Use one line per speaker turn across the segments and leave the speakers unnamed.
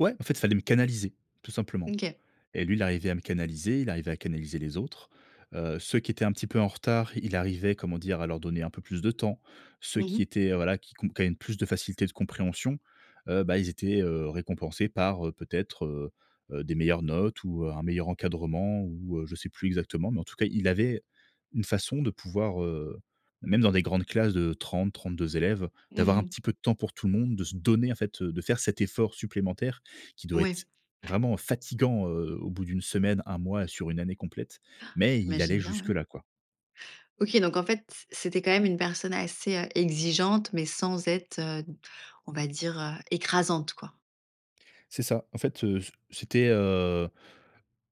Ouais, en fait, il fallait me canaliser, tout
Mmh
simplement
OK.
et lui, il arrivait à me canaliser. Il arrivait à canaliser les autres. Heu, ceux qui étaient un petit peu en retard, il arrivait, comment dire? À leur donner un peu plus de temps. Ceux
Mmh mh.
qui étaient, heu, voilà, qui qu'on qui avaient plus de facilité de compréhension, heu, bah, ils étaient, heu, récompensés par, heu, peut être, heu heu, des meilleures notes ou, heu, un meilleur encadrement ou, heu, je sais plus exactement mais en tout cas, il avait une façon de pouvoir heu, même dans des grandes classes de 30-32 élèves,
Mmh
d'avoir un
mh.
petit peu de temps pour tout le monde, de se donner en fait, de faire cet effort supplémentaire qui doit
Ouais.
être, vraiment fatigant, heu, au bout d' 1 semaine, 1 mois, sur 1 année complète.
Han,
Mais il
j'imagine
allait
bien,
jusque
ouais.
là, quoi.
OK, donc en fait, c c'était quand même une personne assez, heu, exigeante, mais sans être, heu, d on va dire, heu, écrasante, quoi.
C'est ça. En fait, heu, c c'était, heu,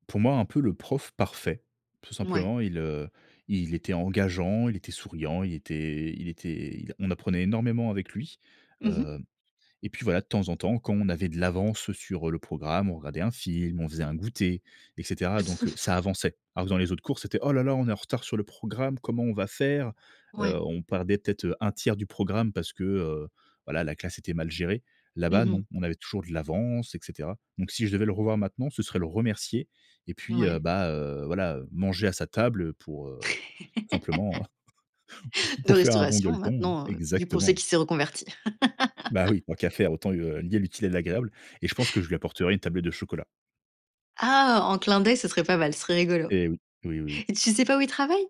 pour moi, un peu, le prof parfait, tout
Mouais.
simplement. Il, heu, il était engageant, il était souriant, il était i il était il a on apprenait énormément avec lui.
Mmh mh.
Heu, et puis, voilà, de temps en temps, quand on avait de l'avance, heu, sur, heu, le programme, on regardait un film, on faisait un goûter, et cetera donc heu, ça avançait. Alors que dans les autres cours, c'était: «Oh là là, on est en retard sur le programme, comment on va faire?», heu,
Ouais.
on perdait peut être, heu, 1/3 du programme parce que, heu, voilà, la classe était mal gérée.
Mmh
Là-bas,
mh.
non, on avait toujours de l'avance, et cetera donc si je devais le revoir maintenant, ce serait le remercier et puis, heu,
Ouais.
bah, heu, voilà, heu, manger à sa table pour, heu, simplement,
De
pour faire un bon
restauration,
gueuleton.
maintenant, heu, vu qu'on sait
Exactement.
qu'il s'est reconverti.
Bah, oui, tant qu'à faire autant, li heu, lier l'utile à l'agréable et je pense que je lui apporterais une tablette de chocolat.
Ah, en clin d'œil, ce serait pas mal, ce serait rigolo
Eh oui. Oui, oui, oui.
et tu sais pas où il travaille?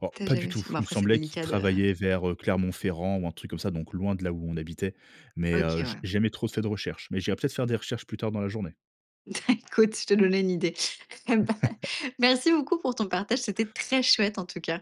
Oh,
Tu as
pas du
jamais
tout.
su. Bon,
Il me
après, c'est
semblait qu'il
délicat de
travaillait vers, heu, Clermont-Ferrand ou un truc comme ça, donc loin de là où on habitait. Mais, heu,
OK.
j
Ouais.
jamais trop fait de recherches, mais j'irai peut être faire des recherches plus tard, dans la journée.
Écoute, je t'ai donné une idée. Eh bah, merci beaucoup pour ton partage, c'était très chouette, en tout cas.